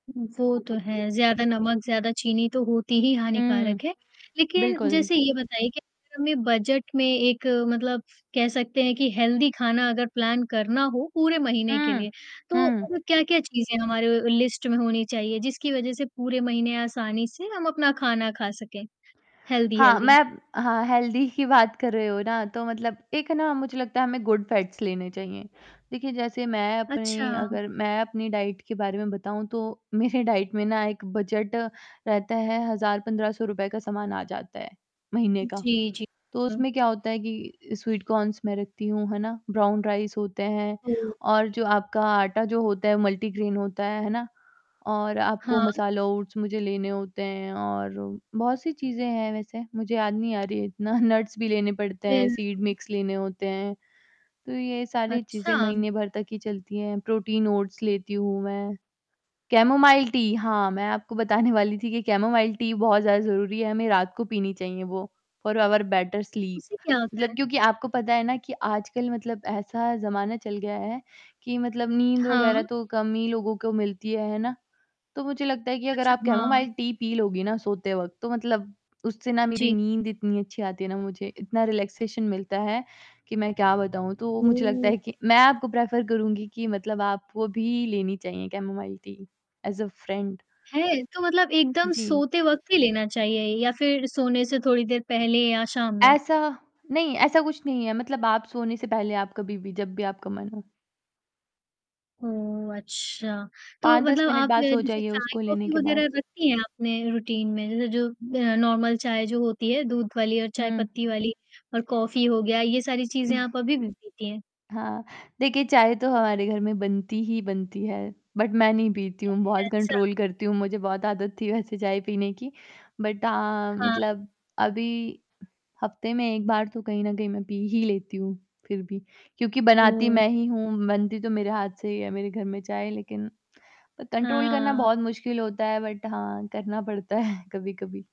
वो तो है, ज़्यादा नमक, ज़्यादा चीनी तो होती ही उ, हानिकारक है। लेकिन बिल्कुल। जैसे ये बताइए कि अगर हमें बजट में एक मतलब कह सकते हैं कि हेल्दी खाना अगर प्लान करना हो पूरे महीने के हुँ, लिए, तो हुँ। अब क्या-क्या चीज़ें हमारे लिस्ट में होनी चाहिए जिसकी वजह से पूरे महीने आसानी से हम अपना खाना खा सकें, हेल्दी, हाँ, मैं हेल्दी? हाँ, हेल्दी की बात कर रहे हो ना, तो मतलब एक ना मुझे लगता है हमें गुड फैट्स लेने चाहिए। देखिए जैसे मैं अपनी अच्छा। अगर मैं अपनी डाइट के बारे में बताऊँ तो, मेरे डाइट में ना एक बजट रहता है 1000-1500 रुपए का सामान आ जाता है, महीने का। जी, जी। तो हुँ। उसमें क्या होता है कि अ, स्वीट कॉर्न्स मैं रखती हूँ, है ना? ब्राउन राइस होते हैं ओह! और जो आपका आटा जो होता है मल्टीग्रैन होता है, है ना? और आपको हाँ। मसाला ओट्स मुझे लेने होते हैं और बहुत-सी चीज़ें हैं वैसे, मुझे याद नहीं आ रही है इतना नट्स भी लेने पड़ते हैं, सीड बिल्कुल। मिक्स लेने होते हैं, तो ये सारी चीज़ें अच्छा? महीने भर तक ही चलती हैं प्रोटीन ओट्स लेती हूँ मैं, कैमोमाइल टी हाँ, मैं आपको बताने वाली थी कि कैमोमाइल टी बहुत ज़्यादा ज़रूरी है, हमें रात को पीनी चाहिए वो। फ़ॉर आवर बेटर स्लीप, उससे क्या होता मतलब है? क्योंकि आपको पता है ना कि आजकल मतलब ऐसा ज़माना चल गया है, कि मतलब नींद हाँ। वगैरह तो कम ही लोगों को मिलती है, है ना? तो मुझे लगता है कि अगर अच्छा, आप हाँ। कैमोमाइल टी पी लोगी ना सोते वक़्त तो मतलब उससे हुँ ना मेरी जी। नींद इतनी अच्छी आती है ना, मुझे इतना रिलैक्सेशन मिलता है, कि मैं क्या बताऊँ। तो मुझे लगता ओह! है कि मैं आपको प्रेफ़र करूँगी कि मतलब आपको भी लेनी चाहिए chamomile tea as a friend. है? तो मतलब एकदम जी। सोते वक़्त ही लेना चाहिए या फिर सोने से थोड़ी देर पहले या शाम में? ऐसा नहीं, ऐसा कुछ नहीं है मतलब आप सोने से पहले आप कभी भी, जब भी आपका मन हो। ओह! अच्छा। तो 5-10 मतलब मिनट आप ज बाद सो जैसे जाइए उसको लेने चाय-कॉफी के बाद। वगैरह रखती हैं आपने रूटीन में? जैसे जो अ, नॉर्मल चाय जो होती है, दूध वाली और चाय हुँ। पत्ती वाली और कॉफी हो गया ये सारी चीज़ें हुँ। आप अभी भी पीती हैं? हाँ, देखिए चाय तो हमारे घर में बनती ही बनती है, बट मैं नहीं पीती हूँ, [unintelligible] बहुत अच्छा। कंट्रोल करती हूँ, मुझे बहुत आदत थी वैसे चाय पीने की। बट हाँ हाँ। मतलब अभी हफ़्ते में 1 बार तो कहीं न कहीं मैं पी ही लेती हूँ फिर भी। क्योंकि बनाती मैं ओह! ही हूँ, बनती तो मेरे हाथ से ही है मेरे घर में चाय लेकिन, प कंट्रोल करना हाँ। बहुत मुश्किल होता है बट हाँ, करना पड़ता है कभी-कभी।